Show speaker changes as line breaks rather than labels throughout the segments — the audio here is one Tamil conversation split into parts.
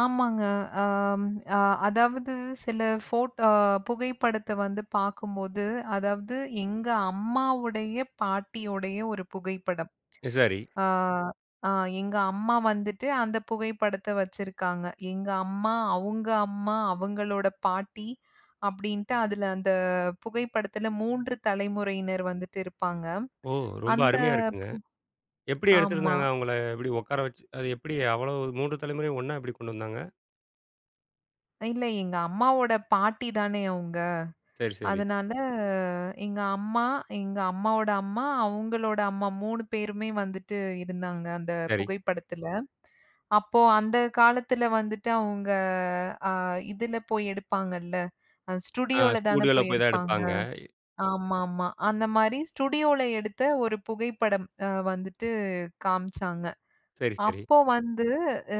ஆமாங்க. ஆம் அ அதாவது சில, ஃபோட்டோ புகைப்படத்த வந்து பாக்கும்போது, அதாவது எங்க அம்மாவுடைய பாட்டியுடைய ஒரு புகைப்படம்.
இ சரி.
ஆ, ஆ, எங்க அம்மா வந்துட்டு அந்தப் புகைப்படத்த வச்சிருக்காங்க. எங்க அம்மா, அவுங்க அம்மா, அவுங்களோட பாட்டி அப்டின்ட்டு அதுல அந்தப் புகைப்படத்துல 3 தலைமுறையினர் வந்துட்டு இருப்பாங்க.
ஓ, ரொம்ப
அந்த
அருமையா இருக்குங்க.
பு
எப்டி
ஆமா.
எடுத்திருந்தாங்க அவுங்கள? எப்டி உக்கார வச்சு. அ அது எப்டி அவ்வளவு 3 தலைமுறையும் ஒண்ணா எப்டி கொண்டு வந்தாங்க?
இல்ல, எங்க அம்மாவோட பாட்டிதானே அவுங்க.
சரி, சரி.
அதனால எங்க அம்மா, எங்க அம்மாவோட அம்மா, அவுங்களோட அம்மா 3 பேருமே வந்துட்டு இருந்தாங்க அந்தப்
சரி.
புகைப்படத்துல. அப்போ அந்தக் காலத்துல வந்துட்டு அவுங்க, ஆ, இதுல போய் எடுப்பாங்க இல்ல, ஆ
ஆ,
ஸ்டுடியோல தான
ஸ்டூடியோல
போய்
போய்தான்
எடுப்பாங்க.
எடுப்பாங்க. இ
ஆமாமா. அந்த மாரி ஸ்டுடியோல எடுத்த ஒரு புகைப்படம் அ வந்துட்டு காமிச்சாங்க.
சரி, சரி.
அப்போ வந்து, ஆ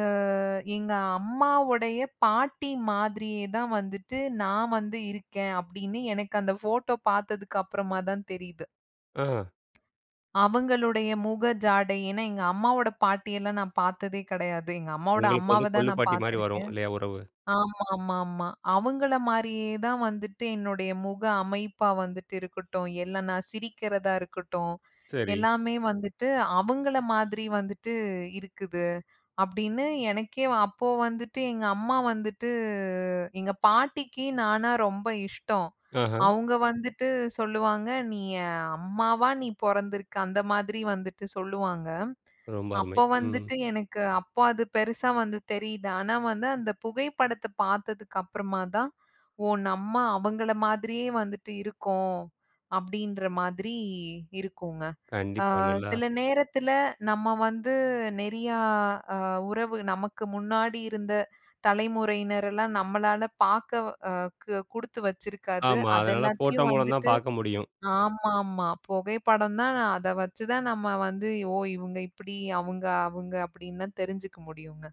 எங்க அம்மாவுடைய பாட்டி மாதிரியே தான் வந்துட்டு நான் வந்து இருக்கேன் அப்டின்னு எனக்கு அந்தப் ஃபோட்டோ பாத்ததுக்கு அப்புறமாதான் தெரியுது.
ஆ.
அவுங்களுடைய முக ஜாடை. ஏன்னா, எங்க அம்மாவோட பாட்டி எல்லாம் நான் பாத்ததே கெடையாது. எங்க அம்மாவோட
உங்களுக்கு வந்து
அம்மாவ தான் நான்
கொள்ளுப்பாட்டி மாரி வரும்
பாத்திருக்கேன்.
இல்லையா உறவு?
ஆமாமாமா. அவுங்கள மாரியே தான் வந்துட்டு என்னுடைய முக அமைப்பா வந்துட்டு இருக்கட்டும், இல்ல நான் சிரிக்கிறதா இருக்கட்டும்.
சரி.
எல்லாமே வந்துட்டு அவுங்கள மாதிரி வந்துட்டு இருக்குது. அப்டின்னு எனக்கே அப்போ வந்துட்டு எங்க அம்மா வந்துட்டு "எங்க பாட்டிக்கு நானா ரொம்ப இஷ்டம்."
ஆஹா.
அவுங்க வந்துட்டு சொல்லுவாங்க, "நீ என் அம்மாவா நீ பொறந்திருக்க அந்த மாதிரி வந்துட்டு சொல்லுவாங்க."
ரொம்ப அருமை.
அப்போ
ம்.
வந்துட்டு எனக்கு அப்போ அது பெருசா வந்து தெரியுது. ஆனா வந்து அந்தப் புகைப்படத்த பாத்ததுக்கு அப்புறமாதான், ஓ! நம்ம அவுங்கள மாதிரியே வந்துட்டு இருக்கோம் அப்டின்ற மாதிரி இருக்கூங்க. ஆ,
கண்டிப்பா, நல்லா
சில நேரத்துல நம்ம வந்து நெறியா அ உறவு நமக்கு முன்னாடி இருந்த தலைமுறையினர் எல்லாம் நம்மளால பாக்கக்வ் வா அ கு குடுத்து வச்சிருக்காது.
ஆமா.
அத
அதனால ஃபோட்டோ
எல்லாத்தையும்
மூலம்தான்
வந்துட்டு
பாக்க முடியும்.
ஆமாமா பொகைப்படம் தான், நா அத வச்சு தான் நம்ம வந்து, ஓ! இவங்க இப்டி, அவுங்க அவுங்க அப்டின்லா தெரிஞ்சுக்க முடியூங்க.